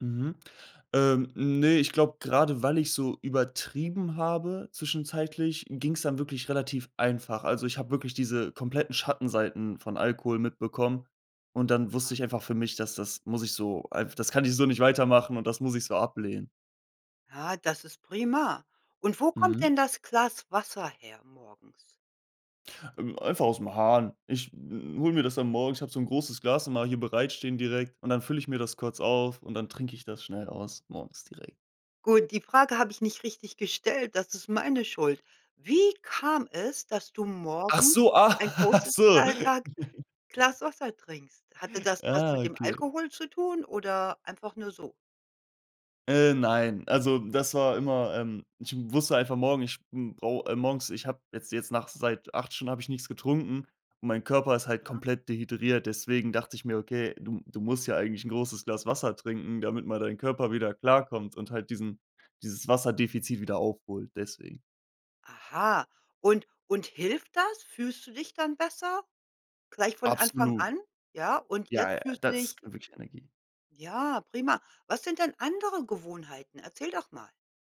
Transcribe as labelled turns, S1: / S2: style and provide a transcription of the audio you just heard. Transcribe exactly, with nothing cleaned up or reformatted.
S1: Mhm. Ähm, ne, ich glaube, grade weil ich so übertrieben habe zwischenzeitlich, ging's dann wirklich relativ einfach. Also, ich habe wirklich diese kompletten Schattenseiten von Alkohol mitbekommen und dann wusste
S2: Aha.
S1: ich einfach für mich, das das muss ich so einf das kann ich so nicht weitermachen und das muss ich so ablehnen.
S2: Ja, das ist prima und wo kommt
S1: Mhm.
S2: denn das Glas Wasser her morgens?
S1: Ähm, einfach aus'm Hahn. Ich hole mir das dann morgens, ich habe so 'n großes Glas immer hier bereitstehen direkt und dann fülle ich mir das kurz auf und dann trinke ich das schnell aus morgens direkt.
S2: Gut, die Frage habe ich nicht richtig gestellt, das ist meine Schuld. Wie kam es, dass du
S1: Ach
S2: morgens
S1: so,
S2: ein
S1: ach
S2: großes
S1: so.
S2: [unintelligible] Glas Wasser trinkst? Hatte das was
S1: Ah,
S2: mit dem
S1: okay.
S2: Alkohol zu tun oder einfach nur so?
S1: Äh, nein, also, das war immer, ähm ich wusste einfach morgen, ich brau äh, morgens, ich habe jetzt jetzt nach seit acht Stunden habe ich nix getrunken und mein Körper ist halt
S2: Mhm.
S1: komplett dehydriert. Deswegen dachte ich mir: „Okay, du m du musst ja eigentlich 'n großes Glas Wasser trinken, damit mal dein Körper wieder klarkommt und halt diesen dieses Wasserdefizit wieder aufholt.“ Deswegen.
S2: Aha, und und hilft das? Fühlst du dich dann besser gleich von Anfang
S1: Absolut.
S2: an? Ja, und
S1: Ja, ja,
S2: jetzt fühlst du
S1: das
S2: dich
S1: ist wirklich Energie.
S2: Ja, prima. Was sind denn andere Gewohnheiten? Erzähl doch mal.